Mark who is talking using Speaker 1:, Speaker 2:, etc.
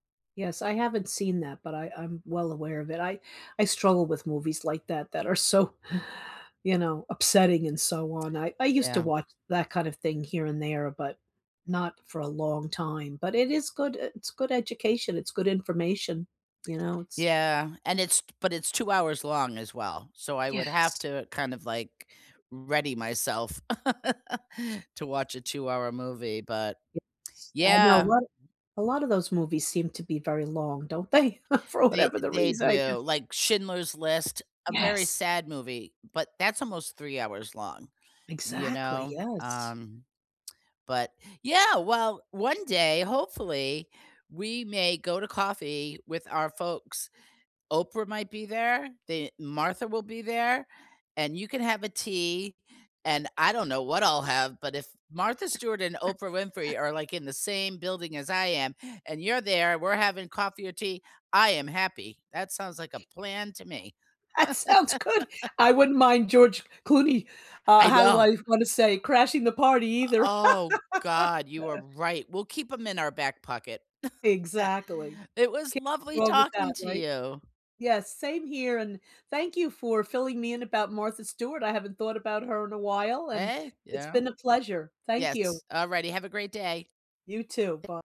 Speaker 1: Yes, I haven't seen that, but I I'm well aware of it. I I struggle with movies like that that are so, you know, upsetting and so on. I I used to
Speaker 2: Yeah.
Speaker 1: watch that kind of thing here and there, but not for a long time, but it is good e it's good education, it's good information. You know, it's
Speaker 2: Yeah, and it's but it's 2 hours long as well, so I would have
Speaker 1: Yes.
Speaker 2: to kind of, like, ready myself, to watch a two-hour movie, but
Speaker 1: Yes. I know
Speaker 2: Yeah.
Speaker 1: lotta a lotta those movies seem to be very long, don't they? For
Speaker 2: They
Speaker 1: whatever the
Speaker 2: they
Speaker 1: reason, I
Speaker 2: do,
Speaker 1: guess.
Speaker 2: like Schindler's List, a very
Speaker 1: Yes.
Speaker 2: sad movie, but that's almost 3 hours long, you
Speaker 1: Exactly,
Speaker 2: know,
Speaker 1: yes.
Speaker 2: um, but Yeah, well, one day, hopefully, we may go to coffee with our folks. Oprah might be there, the Martha will be there, and you can have a tea, and I don't know what I'll have, but if Martha Stewart and Oprah Winfrey are, like, in the same building as I am, and you're there, we're having coffee or tea, I am happy, that sounds like a plan to me.
Speaker 1: That sounds good! I wouldn't mind George Clooney- uh,
Speaker 2: I
Speaker 1: how do
Speaker 2: know.
Speaker 1: I wanna say- crashing the party
Speaker 2: O
Speaker 1: either.
Speaker 2: oh, god, you are right, we'll keep 'em in our back pocket.
Speaker 1: Exactly,
Speaker 2: It was
Speaker 1: can't go
Speaker 2: lovely
Speaker 1: wrong with
Speaker 2: talking
Speaker 1: that,
Speaker 2: to
Speaker 1: right
Speaker 2: you.
Speaker 1: Yes, same here, and thank you for filling me in about Martha Stewart. I haven't thought about her in a while, and
Speaker 2: Hey,
Speaker 1: it's
Speaker 2: yeah.
Speaker 1: been a pleasure. Thank you.
Speaker 2: Yes, alrighty, have a great day.
Speaker 1: You too.
Speaker 2: Th
Speaker 1: By